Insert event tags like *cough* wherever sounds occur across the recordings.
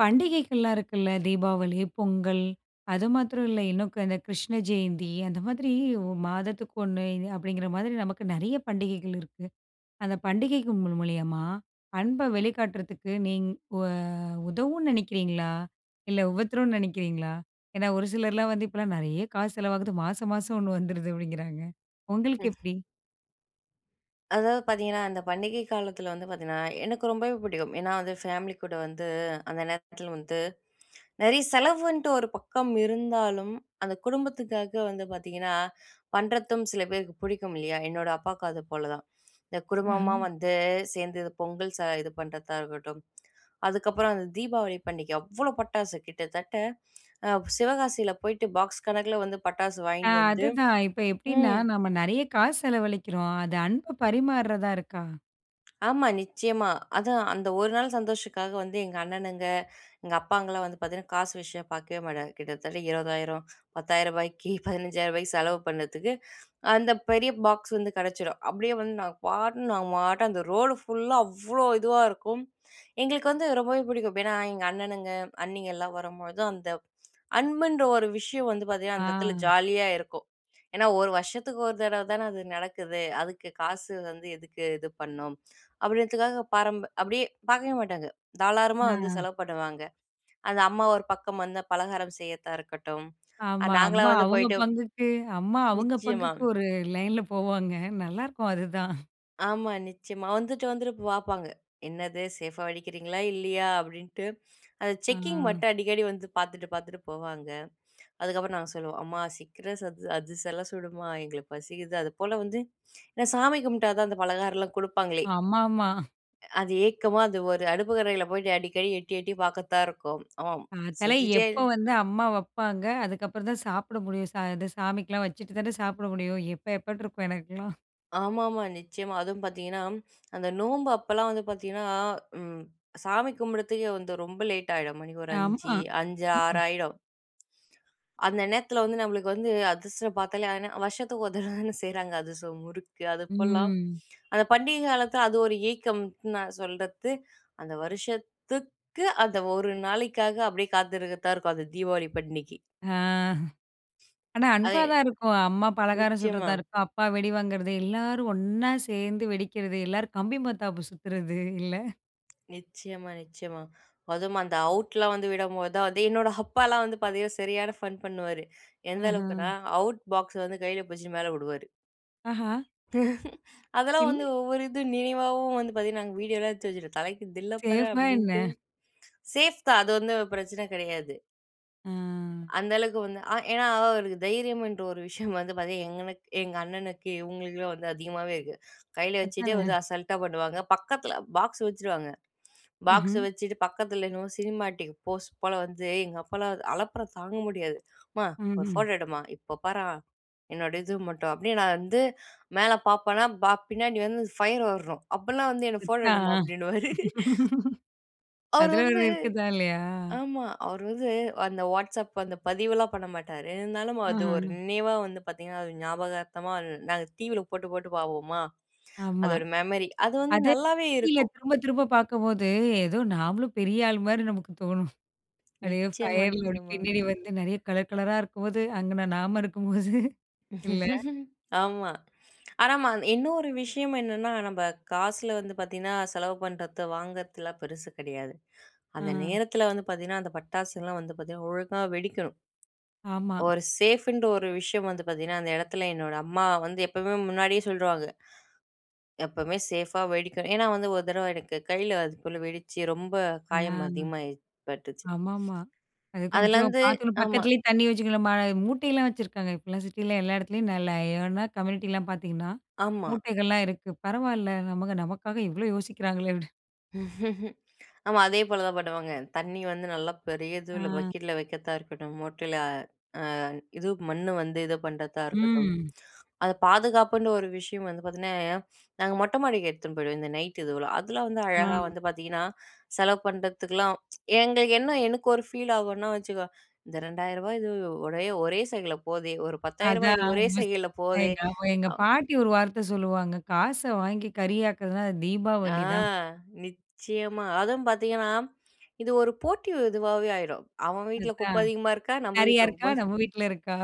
பண்டிகைகள்லாம் இருக்குல்ல தீபாவளி, பொங்கல் அது மாத்திரம் இல்ல இன்னும் இந்த கிருஷ்ண ஜெயந்தி. அந்த மாதிரி மாதத்துக்கு 1 அப்படிங்கிற மாரி நமக்கு நிறைய பண்டிகைகள் இருக்கு. அந்த பண்டிகைக்கு மூலி மூலியமா அன்பை வெளிக்காட்டுறதுக்கு, நீங்க உ உதவும்னு நினைக்கிறீங்களா? இல்ல உபத்தரம் நினைக்கிறீங்களா? ஏன்னா ஒரு சிலர்லாம் வந்து, இப்பலாம் நிறைய காசு செலவாகுது மாசம் மாசம் 1 வந்துடுது அப்படிங்கிறாங்க. உங்களுக்கு ம். எப்படி? அதாவது பார்த்தீங்கன்னா, அந்த பண்டிகை காலத்தில வந்து பார்த்தீங்கன்னா எனக்கு ரொம்பவே பிடிக்கும். ஏன்னா வந்து ஃபேமிலி கூட வந்து அந்த நேரத்தில வந்து நிறைய செலவுன்ட்டு ஒரு பக்கம் இருந்தாலும் அந்த குடும்பத்துக்காக வந்து பார்த்தீங்கன்னா, பண்ணுறதும் சில பேருக்கு பிடிக்கும் இல்லையா. என்னோட அப்பாவுக்கு அது போல தான். இந்த குடும்பமா ம்ஹ்ம். வந்து சேர்ந்து பொங்கல் ச இது பண்ணுறதா இருக்கட்டும் அதுக்கப்புறம் அந்த தீபாவளி பண்டிகை அவ்வளோ பட்டாசு, கிட்டத்தட்ட சிவகாசியில போயிட்டு பாக்ஸ் கணக்கில வந்து பட்டாசு ஆ. வாங்கிட்டு வந்து அதுதான், இப்ப எப்படின்னா ம். நம்ம நிறைய காசு செலவழிக்கிறோம். அது அன்பு பரிமாறதா இருக்கா? ஆமா. நிச்சயமா. அதான் அந்த 1 நாள் சந்தோஷத்துக்காக வந்து எங்க அண்ணனுங்க, எங்க அப்பாங்கலாம் வந்து பார்த்தீங்கன்னா காசு விஷயம் பார்க்கவே மாட்டாங்க. கிட்டத்தட்ட ரூ. 20,000 ரூ. 10,000க்கி *chuckles* ரூ. 15,000க்கி செலவு பண்னதுக்கு அந்த பெரிய பாக்ஸ் வந்து கிடைச்சிடும். அப்படியே வந்து நாங்க பாட்டுக்கு நாங்க பாட்டு அந்த ரோடு ஃபுல்லா அவ்ளோ இதுவா இருக்கும். எங்களுக்கு வந்து ரொம்பவே புடிக்கும். எப்படின்னா, எங்க அண்ணனுங்க அண்ணிங்கலாம் வரும்போது, அந்த அன்புன்ற ஒரு விஷயம் வந்து பார்த்தீங்கன்னா அந்த இடத்தில ஆ. ஜாலியா இருக்கும். ஏன்னா 1 வருஷத்துக்கு ஒரு தடவை தான அது நடக்குது, அதுக்கு காசு வந்து எதுக்கு இது பண்ணும். அப்படின்றத்துக்காக பாரம் அப்படியே பார்க்கவே மாட்டாங்க தாராளமா வந்து ம். செலவு பண்ணுவாங்க. அது அம்மா ஒரு பக்கம் வந்து பலகாரம் செய்யறதா இருக்கட்டும் ஆமா. அம்மா நாங்களாம் வந்து அவுங்க போயிட்டு பங்குக்கு அம்மா அவுங்க நிச்சயமா. பங்குக்கு ஒரு லைன்ல போவாங்க நல்லாயிருக்கும் அதுதான். ஆமா, நிச்சயமா. வந்துட்டு வந்துட்டு பாப்பாங்க. "என்னது சேஃபா வெடிக்கிறீங்களா இல்லயா?" அப்டீன்ட்டு அந்த செக்கிங் அ. மட்டும் அடிக்கடி வந்து பாத்துட்டு பாத்துட்டு போவாங்க. அதுக்கப்புறம், நாங்க சொல்லுவோம், "அம்மா சிக்கிரம் சத் அதிரசம்லாம் சுடுமா எங்களுக்கு பசிக்குது." அதுபோல வந்து நான் சாமி கும்பிட்டா தான், அந்த பலகாரம்லாம் குடுப்பாங்களே. ஆமா, ஆமா. அது ஏக்கமா, அது ஒரு அடுப்பங்கரையில போயிட்டு அடிக்கடி எட்டி எட்டி பாக்கறதா இருக்கும். ஆமா பாத்தாலே செஞ்சிட்டே எப்ப வந்து அம்மா வப்பாங்க, அதுக்கப்புறம் தான் சாப்பிட முடியும். சா இது சாமிக்குலாம் வச்சுட்டு தான சாப்பிட முடியும் எப்ப எப்ப இருக்கும் எனக்கெல்லாம். ஆமா, ஆமா. நிச்சயமா அதுவும் பாத்தீங்கன்னா, அந்த நோம்பு அப்போலாம் வந்து பாத்தீங்கன்னா ம் சாமி கும்பிடுறதுக்கு வந்து ரொம்ப லேட் ஆயிடும் மணிக்கு ஒரு ஆமா. 5 5 ம். ம். 6 யிடும் அந்த நேரத்துல வந்து நம்பளுக்கு வந்து அதிரசம் பாத்தாலே வருஷத்துக்கு *chuckles* ஒரு தடவை தானே செய்யுறாங்க அதிரசம், முறுக்கு அது போலாம். ம். அந்த பண்டிகை காலத்துல அது ஒரு ஏக்கம்னு நான் சொல்றது, அந்த வருஷத்துக்கு அந்த ஒரு நாளைக்காக அப்படியே காத்திருக்க தான் இருக்கும். அந்த தீபாவளி பண்டிகைக்கு ஆ. ஆனா, அத அன்பா தான் இருக்கும். "அம்மா பலகாரம் நிச்சயமா. சுடுவதா இருக்கும். அப்பா வெடி வாங்குறது" எல்லோரும் ஒண்ணா சேர்ந்து வெடிக்குறது, எல்லோரும் கம்பி மத்தாப்பு சுத்துறது இல்ல. நிச்சயமா நிச்சயமா. அதும் அந்த அவுட்லாம் வந்து விடும்போது தான், வந்து என்னோட அப்பாலாம் வந்து பாத்தீங்கன்னா, சரியான ஃபன் பண்ணுவாரு. எந்த அஹ. அளவுக்குனா, அவுட் பாக்ஸ்ஸ வந்து கையில புடிச்சு மேல விடுவாரு. ஆஹ. *chuckles* அதெல்லாம் இல்ல. வந்து ஒவ்வொரு இது நினைவாவும் வந்து பாத்தீங்கன்னா, நாங்க வீடியோலாம் எடுத்து வச்சு, தலைக்கு தில்ல பாரு சேஃபா என்ன? அப்படின்ட்டு, சேஃப் தான் அது வந்து பிரச்சனை கெடையாது. ஆ. அந்த அளவுக்கு வந்து அ ஏன்னா, அவருக்கு தைரியம் என்ற ஒரு விஷயம் வந்து பாத்தீங்கன்னா, எனக் எங்களுக்கு, எங்க அண்ணனுக்கு, இவுங்களுக்கு வந்து அதிகமாவே இருக்கு. கையில வச்சுக்ட்டே அதானே. வந்து அசால்ட்டா பண்ணுவாங்க. பக்கத்துல பாக்ஸ் வச்சுடுவாங்க. பாக்ஸ ம்ஹ்ம். வச்சுட்டு பக்கத்துல என்னமோ சினிமாட்டிக் போஸ்ட் போல வந்து, எங்க அப்பாலாம், அலப்பறை தாங்க முடியாது. அம்மா ஒரு ம்ஹ்ம். ஃபோட்டோ எடுமா. இப்போ பார்றா என்னோட இது மட்டும், அப்டின்னு நான் வந்து மேல பார்ப்பனா, பின்னாடி வந்து ஃபயர் வர்றணும். அப்போலாம் வந்து, என்ன ஃபோட்டோ எடுமா அதான். அப்படின்னுவாரு. *laughs* அவரு அதுல ஒரு வந்து இருக்குதா? இல்லயா? ஆமா. அவரு வந்து அந்த WhatsApp அந்த பதிவுலாம் பண்ண மாட்டாரு. இருந்தாலும் அது ஒரு ஆஹ. நினைவா வந்து பாத்தீங்கன்னா, அது ஞாபகார்த்தமா நாங்க, டிவியில போட்டு போட்டு பார்ப்போமா, ஆமா. அதோட மெம்மரி. அது வந்து அது நல்லாவே டிவியில இருக்கும். திரும்ப திரும்ப பார்க்கும்போது, ஏதோ நாமளும் பெரிய ஆள் மாரி நமக்கு தோணும். அப்டியே நிச்சயமா, ஃபயர்ல நிச்சயமா. பின்னாடி வந்து, நெறைய கலர் கலரா இருக்கும்போது, அங்கன நாம இருக்கும்போது இல்ல. *chuckles* ஆமா. ஆனா மா இன்னொரு விஷயம் என்னன்னா, நம்ப காசுல வந்து பாத்தீங்கன்னா, செலவு பண்றது, வாங்குறதுலாம் பெருசு கெடையாது. அந்த அ. நேரத்துல வந்து பாத்தீங்கன்னா, அந்த பட்டாசுலாம் வந்து பாத்தீங்ன்னா ஒழுங்கா வெடிக்கணும். ஆமா. ஒரு சேஃப்ன்ற ஒரு விஷயம் வந்து பாத்தீங்கன்னா, அந்த எடத்துல என்னோட அம்மா வந்து எப்பவுமே முன்னாடியே சொல்லிடுவாங்க. எப்பவுமே சேஃபா வெடிக்கணும். ஏன்னா வந்து ஒரு தடவ எனக்கு கையில அதுபோல வெடிச்சு, ரொம்ப ஆ. காயம் அதிகமாய் பட்டுச்சு. ஆமாமா அது கொஞ்சம் அதுலருந்து பாத்து ஆமா. பக்கத்துலயே தண்ணி வச்சிக்கணும்மா, மூட்டையெல்லாம் வச்சுருக்காங்க இப்போலாம், சிட்டில எல்லா எடத்துலயும் நல்லா. ஏன்னா, கம்யூனிட்டில பாத்தீங்கன்னா, ஆமா. மூட்டைகள்லாம் இருக்கு. பரவாயில்ல நமக்கு நமக்காக இவ்ளோ யோசிக்கிறாங்களே அப்டி. *laughs* ஆமா, அதே போல தான் பண்ணுவாங்க. தண்ணி வந்து நல்லா பெரியதுல அ. பக்கெட்ல வைக்க தான் இருக்கட்டும், மொட்ல அ இது மண்ணு வந்து இத பண்றதா இருக்கட்டும், ம். அத பாதுகாப்புன்னு ஒரு விஷயம் வந்து பாத்தீங்னா, நாங்க மொட்ட மாடிக்கு எடுத்துன் போயிடுவோம். இந்த நைட் இதுலாம் அதலாம் வந்து அழகா ம். வந்து பாத்தீங்கன்னா, செலவு பண்றதுக்குலாம் *tsk* எங்களுக்கு என்ன எனக்கு ஒரு ஃபீல் ஆகுனா வச்சுக்கோ, "இந்த ரூ.2000 இது ஒரே ஒரே சைக்கென்டுல போதே, ஒரு ரூ.10,000 இது அதான், ஒரே சைக்கென்டுல போதே," எங்க எங்க அ. பாட்டி ஒரு வார்த்த சொல்லுவாங்க "காச வாங்கி கரி ஆக்றதுனா, அது அ, தீபாவளி தான்." நிச்சயமா அதுவும் பாத்தீங்கன்னா, இது ஒரு போட்டி இதுவாவே ஆயிரும். "அவன் வீட்ல குப்ப அதான், அதிகமா இருக்கா? நம்ம "நிறையா வீட்ல இருக்கா? குப்ப அதிகமா?" நம்ம வீட்ல இருக்கா?"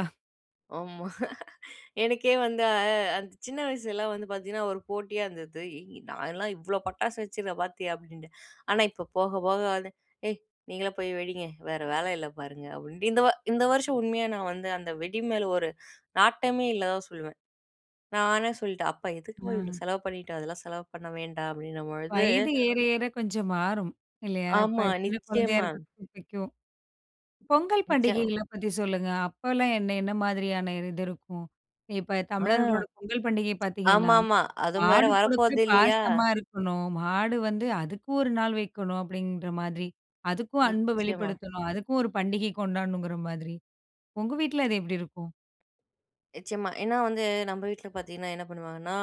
ஆமா, *laughs* எனக்கே வந்து அ அ அந்த சின்ன வயசுலாம் வந்து பாத்தீங்கன்னா, ஒரு போட்டியா இருந்தது. "நான்லாம் இவ்ளோ பட்டாசு வச்சிருக்கேன் பாத்தியா" அப்டின்ட்டு, ஆனா இப்போ போக போக வந்து, "ஏய் நீங்களே போயி வெடிங்க வேற வேல இல்ல பாருங்க," அப்டின்ட்டு இந்த இந்த வருஷம் உண்மையா நான் வந்து அந்த வெடி மேல ஒரு நாட்டமே இல்லதான் சொல்வேன். நானே சொல்டேன், "அப்பா எதுக்கு பா இவ்ளோ ம். செலவு பண்ணிட்டு? அதெல்லா செலவு பண்ண வேண்டா" அப்டின்ன பொழுது, வயது ஏற ஏற கொஞ்சம் மாறும். இல்லையா? இப்ப ஆமா, சின்ன குழந்தையா நிச்சயமா. இருக்றதுக்கு பிடிக்கும். பொங்கல் மிச்சம். பண்டிகைகள பத்தி சொல்லுங்க அப்பலாம் என்ன என்ன மாதிரியான? இது இருக்கும். இப்ப அ! தமிழர்களோட பொங்கல் பண்டிகை பாத்தீங்கன்னா, ஆமாமா, அதுவும் வேற மாடு கூட கூட வரப்போது இல்லையா? பாசமா இருக்கணும். மாடு வந்து அதுக்கு 1 நாள் வைக்கணும், அப்டின்ற மாதிரி அதுக்கும் அன்ப நிச்சயமா. வெளிப்படுத்தணும், அதுக்கும் ஒரு பண்டிகை கொண்டாடணுங்ற மாதிரி உங்க வீட்ல அது எப்டி இருக்கும்? நிச்சயமா, ஏன்னா வந்து, நம்ம வீட்ல பாத்தீங்கன்னா என்ன பண்ணுவாங்கன்னா,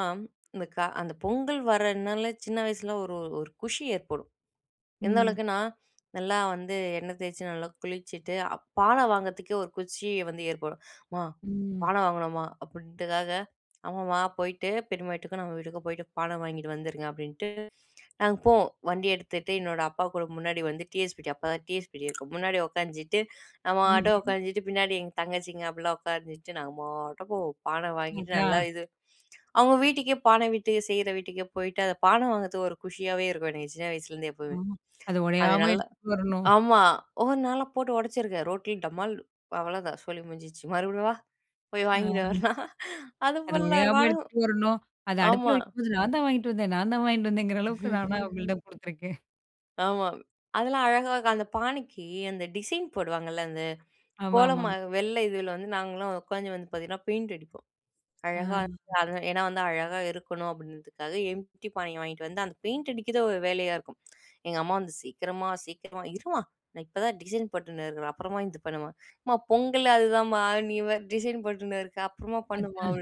இந்த கா அந்த பொங்கல் வரனால சின்ன வயசுல ஒரு ஒரு குஷி ஏற்படும். எந்த ம். அளவுக்குனா, நல்லா வந்து எண்ணெய் தேச்சு நல்லா குளிச்சுட்டு அ பான வாங்கறதுக்கே ஒரு குச்சி வந்து ஏற்படும். "அம்மா ம். பான வாங்னோமா" அப்டின்றதுக்காக, அம்மா போயிட்டு பெரிம்மா வீட்டுக்கும், நம்ம வீட்டுக்கும் போயிட்டு பான வாங்கிட்டு வந்துருங்க அப்டின்ட்டு, நாங்க போவோம் வண்டி எடுத்துட்டு என்னோட அப்பா கூட முன்னாடி வந்து டிவிஎஸ்ஃபிப்டி அப்பா தான் டிவிஎஸ்ஃபிடி இருக்கும். முன்னாடி உட்காந்துட்டு நம்ம பாட்டு ம்ஹ்ம். உக்காஞ்சிட்டு பின்னாடி எங்க தங்கச்சிங்க, அப்டிலாம் உட்கார்ந்திட்டு நாங்க பாட்டுக்கு பான வாங்கிட்டு நல்லா அதான். இது, அவங்க வீட்டுக்கே பான விட்டு செய்ற வீட்டுக்கே போயிட்டு அந்த பான வாங்கறதுக்கு ஒரு குஷியாவே இருக்கும். எனக்கு சின்ன வயசுருந்தே அ, எப்பவுமே. அத அது ஒடையாம நல்லா எடுத்துட்டு வரணும். ஆமா ஒவொ நான்லாம் போட்டு ஒடச்சிருக்கேன் ரோட்ல டமால். அவ்ளோதான் சோலி முஞ்சிட்ச்சு, மறுபடியும் வா, போயி வாங்கிடு ம். வரலாம். *laughs* அது அதுபோல்லா இருக்கும் ஒடையாம ஆனா, எடுத்துட்டு வரணும், அத அடுப்ல ஆமா. வைக்கும்போது நான் தான் வாங்கிட்டு வந்தேன் நான் தான் வாங்கிட்டு வந்தேங்கற அளவுக்கு நான் தான் *laughs* அவங்ககிட்ட குடுத்துருக்கேன். ஆமா. அதெல்லா அழகா அந்த பானைக்கி அந்த டிசைன் போடுவாங்கல்ல. அந்த ஆமாமா. கோலமா வெள்ள இதுல வந்து நாங்களாம் உட்காந்து வந்து பார்த்தீங்கன்னா பெயிண்ட் அடிப்போம். அழகா ஆ. வந்து ஏனா வந்து அழகா இருக்கணும் அப்படின்றதுக்காக காலி பானைய வாங்கிட்டு வந்து அந்த பெயிண்ட் அடிக்கிறது ஒரு வேலையா இருக்கும். எங்க அம்மா வந்து "சீக்கிரமா சீக்கிரமா" 'இருமா நான் இப்ப தான் டிசைன் போட்டுன்னு இருக்குறேன்.' "அப்புறமா இது பண்ணுமா" 'அம்மா பொங்கலே அதுதாம்மா' "நீ டிசைன் போட்டுன்னு இருக்க அப்புறமா பண்ணுமா" அதான்.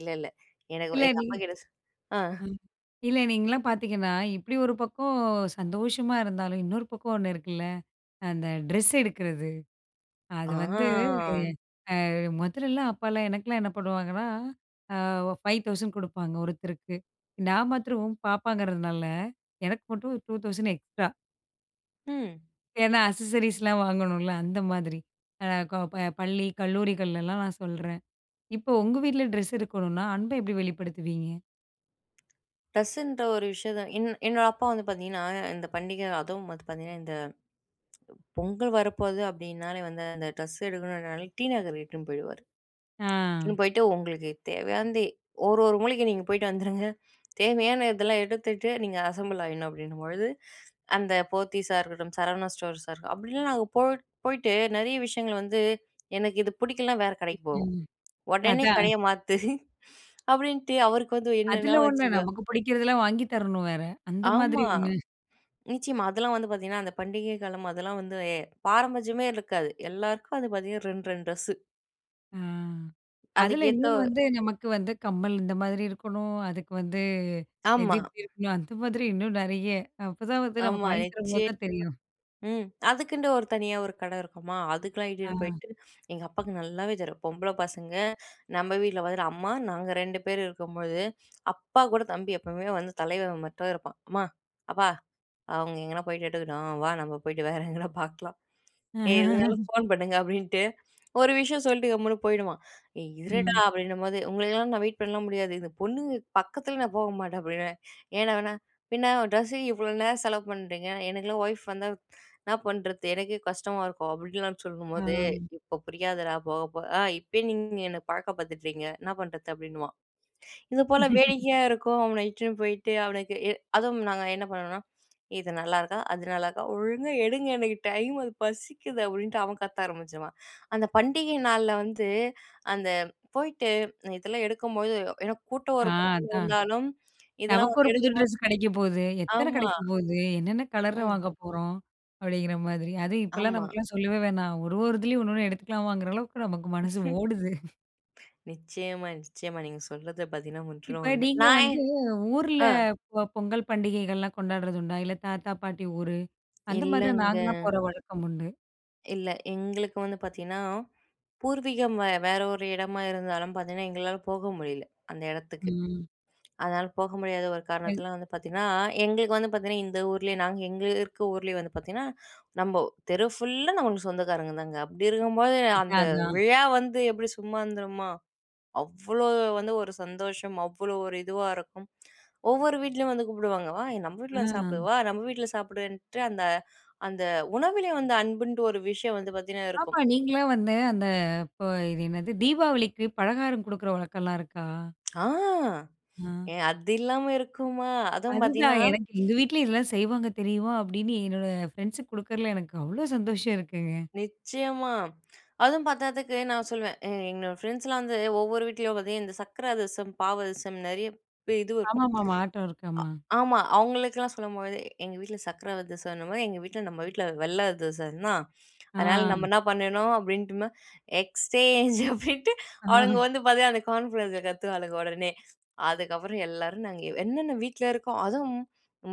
இல்ல இல்ல எனக்கு இல்ல எங்க நீ அப்பா கிட்டே ஆ. ம். இல்ல நீங்கள்லாம் பார்த்தீங்கன்னா, இப்படி ஒரு பக்கம் சந்தோஷமா இருந்தாலும், இன்னொரு பக்கம் ஒண்ணு இருக்குல்ல. அந்த டிரஸ் எடுக்கிறது. அது வந்து ஆம். ஆ மொதல்லலாம் அப்போலா எனக்கெலாம் என்ன பண்ணுவாங்கன்னா? ஆ ரூ.5000 குடுப்பாங்க ஒருத்தருக்கு. நான் மாத்திரம் பாப்பாங்கிறனால எனக்கு மட்டும் ரூ.2000 எக்ஸ்ட்ரா. ம். ஏனா அசசரீஸ் வாங்கணும்ல. அந்த மாதிரி. ஆ கோ ப பள்ளி கல்லூரிகள்லலா நான் சொல்றேன். இப்போ உங்க வீட்ல டிரஸ் எடுக்கணுனா அன்ப எப்படி வெளிப்படுத்துவீங்க? டிரஸ்ன்ற ஒரு விஷயத்த என் என்னோட அப்பா வந்து பார்த்தீங்கன்னா இந்த பண்டிகை, அதுவும் வந்து பார்த்தீங்கன்னா இந்த பொங்கல் வரப்போகுது. அப்படின்னாலே வந்து அந்த டிரஸ் எடுக்கணும்னாலே டிநகர் இட்டுன்னு போயிடுவாரு. ஆ. இட்டுன்னு "உங்களுக்கு தேவையானது ஒரு ஒரு மூலைக்கி நீங்க போய்ட்டு வந்துருங்க. தேவையான இதெல்லா எடுத்துட்டு நீங்க அசெம்பிள் ஆயிடணும்." அப்படின்னும்பொழுது அந்த போத்தீஸா இருக்கட்டும், சரவணா ஸ்டோர்ஸா அப்படிலாம் நாங்க போய் போய்ட்டு நிறைய விஷயங்கள வந்து எனக்கு இது பிடிக்கலனா வேற கடைக்கு போவோம். ம் உடனே அதான். கடைய மாத்து *chuckles* அப்படின்ட்டு அவருக்கு வந்து என்னன்னா அதில ஒண்ணு, வச்சுக்கோ நமக்கு பிடிக்கிறதெல்லாம் வாங்கி தரணு வேற. அந்த மாதிரி ஆமா! ஒண்ணு. நிச்சயமா அதெல்லாம் வந்து பார்த்தீங்கன்னா அந்த பண்டிகை காலம். அதெல்லாம் வந்து எ பாரபட்சமே இருக்காது. எல்லாருக்கும் அது பார்த்தீங்கன்னா 2, 2 டிரஸ்சு. அ அதுல இன்னொனு அதுக்கேத்தவ் வந்து நமக்கு வந்து கம்மல் இந்த மாதிரி இருக்கணும். அதுக்கு வந்து எது ஆமா. எப்படி இருக்கணும். அந்த மாதிரி இன்னும் நெறைய அப்பதான் வந்து நமக்கு ஆமா. வாங்கி தரம்போது நிச்சயம்மா தான் தெரியும். ம். அதுக்குன்ட்டு ஒரு தனியா ஒரு கட இருக்குமா, அதுக்கெல்லாம் ஆ. இட்டுன்னு போய்ட்டு. எங்க அப்பாவுக்கு நல்லாவே தெரியும் பொம்பள பசங்க நம்ம வீட்ல வந்துட்டு, அம்மா நாங்க 2 பேரு இருக்கும்போழுது. அப்பா கூட தம்பி எப்பவுமே வந்து தலைவன் மட்டும் இருப்பான். "அம்மா, அப்பா அவங்க எங்கேனா போய்ட்டு எட்டுக்கட்டும் வா நம்ம போய்ட்டு வேற எங்கேனா பார்க்கலாம். ஏய் எதுனாலும் *laughs* ஃபோன் பண்ணுங்க," அப்படின்ட்டு ஒரு விஷயம் சொல்லிட்டு கம்முனு போயிடுவான். "ஏய் இருடா" ம். அப்படின்னும்போது "உங்களுக்கெல்லாம் நான் வெயிட் பண்ணலாம் முடியாது. இந்த பொண்ணுங்க பக்கத்துல நான் போக மாட்டேன்," அப்படின்னுவேன். "ஏனா வேணா பின்ன ட்ரெஸ்ஸுக்கு இவ்வளோ நேரம் செலவு பண்ணுறீங்க. எனக்கெல்லாம் ஒய்ஃப் வந்தா என்ன பண்ணுறது எனக்கே கஷ்டமா இருக்கும்." அப்படின்லாம் ஆ. சொல்லும்போது. "இப்போ புரியாதுடா போக போக ஆ இப்பயே நீங்க என்ன பழக்க படுத்துட்றீங்க என்ன பண்றது?" அப்படின்னுவான். இதுபோல *laughs* வேடிக்கையா இருக்கும் அவன இட்டுன்னு போய்ட்டு அவனுக்கு அதுவும் நாங்க என்ன பண்ணுவோம்னா, "இது நல்லாருக்கா? அது நல்லாருக்கா? ஒழுங்கா எடுங்க எனக்கு டைம் அது பசிக்குது." அப்படின்ட்டு அவன் கத்த ஆரம்பிச்சுருவான். அந்த பண்டிகை நாள்ல வந்து அந்த போயிட்டு இதெல்லாம் எடுக்கும்போது ஏனா கூட்டம் ஆ ஒரு பக்கம் அதான். இருந்தாலும் இதெல்லாம் நமக்கு ஒரு வந்து புது எடுக்கும்போது டிரெஸ் கெடைக்க போது எத்தன ஆமா. கெடைக்க போது என்னன்ன கலர்ல ம். வாங்க போறோம். அப்டிங்கிற மாதிரி. அதுவும் இப்போலாம் ஆமா. நமக்கெல்லாம் சொல்லவே வேணாம். ஒரு ஒரு இதுலயும் 1ன்னு எடுத்துக்கலாமாங்குற அளவுக்கு நமக்கு மனசு ஓடுது. *snorts* *breath* நிச்சயமா, நிச்சயமா. நீங்க சொல்றது பார்த்தீங்கன்னா முற்றிலும் இப்ப உண்மை. நீங்க நான் எ வந்து ஊர்ல ஆ. பொ பொங்கல் பண்டிகைகள்லாம் கொண்டாடுறது உண்டா? இல்ல தாத்தா பாட்டி ஊரு. அந்த மாரிலாம் இல்லங்க. நாங்கலாம் போற வழக்கம் உண்டு. இல்ல. எங்களுக்கு வந்து பார்த்தீங்கன்னா, பூர்வீகம் வே வேற ஒரு இடமா இருந்தாலும் பார்த்தீங்கன்னா, எங்களால போக முடியல. அந்த இடத்துக்கு. ம். அதனால, போக முடியாத ஒரு *unintelligible* காரணத்திலா வந்து பார்த்தீங்கன்னா, எங்களுக்கு வந்து பார்த்தீங்கன்னா, இந்த ஊர்லே நாங்க எங்க இருக்க ஊர்லே வந்து பார்த்தீங்கன்னா, நம்போ தெரு ஃபுல்லா நம்மளுக்கு சொந்தக்காரங்க தாங்க. அப்பிடி இருக்கும்போது, அந்த அதான், அதான். விழா வந்து எப்பிடி சும்மா இருந்துருமா? அவ்ளோ வந்து ஒரு சந்தோஷம்! அவ்ளோ ஒரு இதுவா இருக்கும். ஒவ்வொரு வீட்லயும் வந்து கூப்பிடுவாங்க. வா! நம்ம வீட்ல வந்து சாப்பிடு ஆ. வா! நம்ம வீட்ல சாப்பிடுன்ட்டு, அந்த, அந்த உணவிலே வந்து அன்புன்ட்டு ஒரு விஷயம் வந்து பார்த்தீங்கன்னா ஆமா. இருக்கும். நீங்களும் வந்து அந்த இப்ப இது என்னது? தீபாவளிக்கு பலகாரம் கொடுக்கிற வழக்கல்லாம் இருக்கா? ஆ ஆ. ஏ அது இல்லாம இருக்குமா? அதுவும் அதுதான். பார்த்தீங்கன்னா எனக்கு எங்க வீட்லயும் இதெல்லாம் செய்வாங்க தெரியுமா? அப்பிடின்னு என்னோட ஃப்ரெண்ட்ஸுக்கு குடுக்கறதுல எனக்கு அவ்ளோ சந்தோஷம் இருக்குங்க. நிச்சயமா. அதுவும் பார்த்தாதக்கு நான் சொல்லுவேன். எ என்னோட ஃப்ரெண்ட்ஸ்லாம் வந்து ஒவ்வொரு வீட்லயும் பார்த்தீங்க இந்த சர்க்கர அதிரசம், பாவு அதிரசம் நிறைய பெ இதுவும் இருக்கும். ஆமாமாமா ஆட்டோ இருக்கு. ஆமா. அ ஆமா. அவுங்களுக்குல்லாம் சொல்லும்போது எங்க வீட்ல சர்க்கல அதிரசம் அந்தமாரி எங்க வீட்ல நம்ம வீட்ல வெள்ள அதிரசன்னா, அதனா நம்ம ஆ. என்ன பண்ணணும்? அப்பிடின்ட்டும எக்ஸ்சேஞ்ச் அப்பிடின்ட்டு அவுளுங்க ஆ. வந்து பார்த்தியா, அந்த கார்ன்ஃப்வர்ஸ்ல கத்துவாளுக உடனே, அதுக்கப்பறம் எல்லாரும் நாங்க என்னென்ன வீட்ல இருக்கோ அதுவும்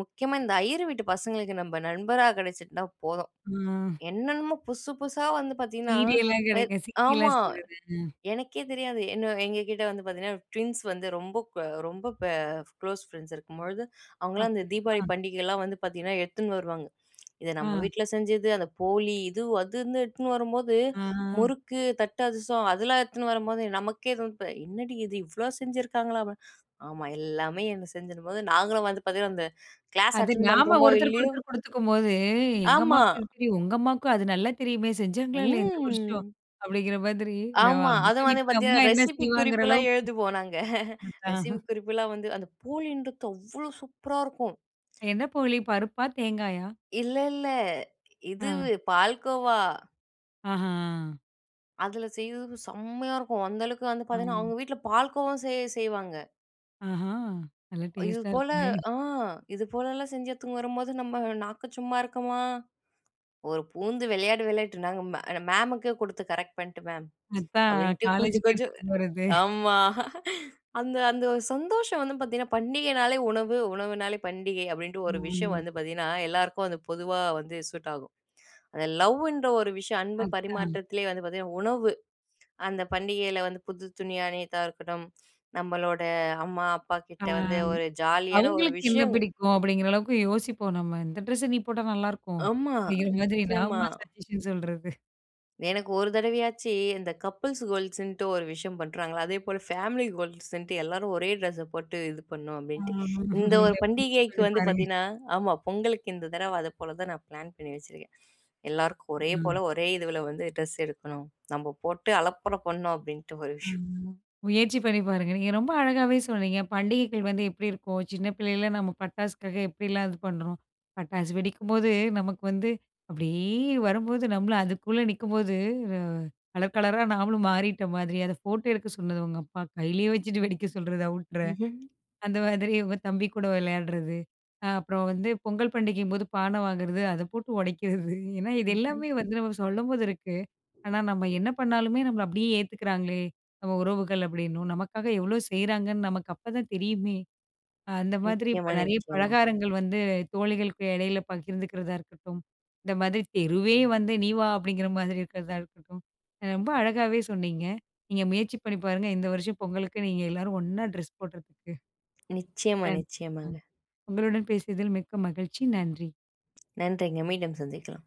முக்கியமா இந்த ஐயர் வீட்டு பசங்களுக்கு நம்ம நண்பரா கிடைச்சிருந்தா போதும். ஆ. என்னென்னமோ புதுசு, புதுசா வந்து *unintelligible* பார்த்தீங்கன்னா, எ கிடைக்கும் ஆமா. *unintelligible* செய்றது ம். எனக்கே தெரியாது. என்ன எங்கக்கிட்ட வந்து பார்த்தீங்கன்னா, ட்வின்ஸ் வந்து ரொம்ப, க ரொம்ப ப க்ளோஸ் ஃப்ரெண்ட்ஸ் இருக்கும்பொழுது, அவுங்களாம் அந்த தீபாவளி அப்பிடியா! பண்டிகையிலாம் வந்து பார்த்தீங்கன்னா, எடுத்துன்னு வருவாங்க. இது நம்ம ஆ. வீட்ல செஞ்சது, அந்த போலி இது, அதுன்னு எடுத்துட்னு வரும்போது ஆ. முறுக்கு, தட்டு அதிரசம் அதெல்லாம் எடுத்துன்னு வரும்போது நமக்கே என்னடி இது? இவ்ளோ செஞ்சுருக்காங்களாப்ப! ஆமா, எல்லாமே அந்த செஞ்சிரும்போது, நாங்களும் வந்து பார்த்தீங்கன்னா, அந்த கிளாஸ் அது அட்டென் நாம பண்ணுறமோ! ஒருத்தருக்கு இல்லயோ! ஒருத்தர் குடுத்துக்கும்போது, எங்க ஆமா. அம்மாவுக்கு இது தெரியும். உங்க அம்மாவுக்கும் அது நல்லா தெரியுமே! செஞ்சாங்களா இல்லயா? இந்த வருஷம் ம். அப்பிடிங்கிற மாதிரி என்ன ஆமா. அந்த அதுவும் வந்து வீட்ல அம்மா பார்த்தீங்கன்னா, என்ன ரெசிபி செய்வாங்கிற குறிப்புலாம் அளவுக்கு எழுதுவோம் நாங்க. *laughs* அதான். ரெசிபி குறிப்புலாம் வந்து அந்த போலின்றது, அவ்ளோ சூப்பரா இருக்கும். என்ன போலி பருப்பா! தேங்காயா! இல்ல, இல்ல. ஆ. இதுவு, பால்கோவா. ஆஹா! அதில செய்யிறது செம்மையா இருக்கும். அந்த அளவுக்கு வந்து பார்த்தீங்கன்னா, ஆ. அவுங்க வீட்ல பால்கோவாவும் செய செய்வாங்க. ஆஹா! நல்லா டேஸ்ட்டா இதுபோல இருக்குமே! அ இதுபோலலாம் செஞ்சு எடுத்துன்னு வரும்போது, நம்ம நாக்கு சும்மா இருக்கமா? ஒரு பூந்து விளையாட விளையாட்டு நாங்க மே எங்க மேம்க்கே கொடுத்து கரெக்ட் பண்ணிட்டு மேம், அதான் அப்பிடின்ட்டு கொஞ்ச காலேஜுக்கு கொஞ்சம் எடுத்துட்டு போறது. ஆமா அந்த அந்த சந்தோஷம் வந்து பார்த்தீங்கன்னா, "பண்டிகைனாலே உணவு உணவுனாலே பண்டிகை" அப்பிடின்ட்டு ஒரு விஷயம் ஆ. வந்து பார்த்தீங்கன்னா, எல்லாருக்கும் அது பொதுவா வந்து சூட் ஆகும். அந்த லவ்ன்ற ஒரு விஷயம் அன்பு அதான். பரிமாற்றத்திலேயே வந்து பார்த்தீங்கன்னா, உணவு அந்த பண்டிகையில வந்து புது துணியா அணியிறதா இருக்கட்டும், நம்மளோட அம்மா, ஆ. அப்பாகிட்ட வந்து ஒரு ஜாலியான ஒரு அவுங்களுக்கு என்ன விஷயங்கள். பிடிக்கும்? அப்பிடிங்கிற அளவுக்கு யோசிப்போம் நம்ம "இந்த ட்ரெஸ்ஸ நீ போட்டா நல்லாயிருக்கும்." ஆமா. அப்பிடிங்கிற மாதிரி நிச்சயமா. நாம சஜஷன் சொல்றது. எனக்கு ஒரு தடவையாச்சி, இந்த கப்பிள்ஸ் கோல்ட்ஸ்ன்ட்டு ஒரு விஷயம் பண்ணுறாங்களா, அதேபோல ஃபேமிலி கோல்ட்ஸ்ன்ட்டு எல்லாரும் ஒரே ட்ரெஸ்ஸ போட்டு இது பண்ணும் அப்பிடின்ட்டு ஆமா, இந்த ஒரு இல்ல முயற்சி பண்டிகைக்கு வந்து பண்ணிப்பாருங்க. பார்த்தீன்னா ஆமா பொங்கலுக்கு இந்த தடவ அதப்போல தான் நான் பிளான் பண்ணி வச்சுருக்கேன். 'எல்லாருக்கும் ஒரே போல ம். ஒரே இதுவுல வந்து ட்ரெஸ் எடுக்கணும். நம்ம போட்டு அலப்பற பண்ணும்' அப்பிடின்ட்டு ஒரு ஆ, விஷயம். முயற்சி பண்ணிப்பாருங்க. நீங்க ரொம்ப அழகாவே சொன்னீங்க. பண்டிகைகள் வந்து எப்பிடி இருக்கும்? சின்ன பிள்ளைல நம்ம பட்டாசுக்காக எப்பிடிலாம் இது பண்றோம்? பட்டாசு வெடிக்கும்போது, நமக்கு வந்து அப்பிடியே வரும்போது நம்மளும் அதுக்குள்ள நிக்கும்போது, அ கலர் கலரா நாமளும் மாறிட்ட மாதிரி. அத ஃபோட்டோ எடுக்க சொன்னது உங்க அப்பா கையிலே வச்சுட்டு வெடிக்க சொல்றது. அவுட்ற ம்ஹ்ம் அந்த மாதிரி உங்க தம்பி கூட விளையாட்றது, அ அப்புறம் வந்து பொங்கல் பண்டிகையின்போது பான வாங்குறது அத போட்டு உடைக்கிறது. ஏன்னா, இது ம், ம். எல்லாமே வந்து நம்ம சொல்லும்போது இருக்கு. ஆனா, நம்ம என்ன பண்ணாலுமே நம்மள அப்பிடியே ஏத்துக்கிறாங்களே! நம்ம உறவுகள் அப்பிடின்னு நமக்காக எவ்ளோ செய்றாங்கன்னு நமக்கு அப்ப தான் தெரியுமே! அ அந்த மாதிரி இப்ப நிச்சயமா, நிறைய நிச்சயமா. பலகாரங்கள் வந்து தோழிகளுக்கு இடையில பகிர்ந்துக்கிறதா இருக்கட்டும், இந்த மாதிரி தெருவே வந்து நீ வா! அப்பிடிங்கிற மாதிரி இருக்கிறதா இருக்கட்டும். அ ரொம்ப அழகாவே சொன்னீங்க. நீங்க முயற்சி பண்ணி பாருங்க. இந்த வருஷம் பொங்கலுக்கு நீங்க எல்லோரும் ஒண்ணா ட்ரெஸ் போடுறதுக்கு. நிச்சயமா, *unintelligible* நிச்சயமாங்க. உங்களுடன் பேசியதில் மிக்க மகிழ்ச்சி. நன்றி. நன்றிங்க. மீண்டும் சந்திக்கலாம்.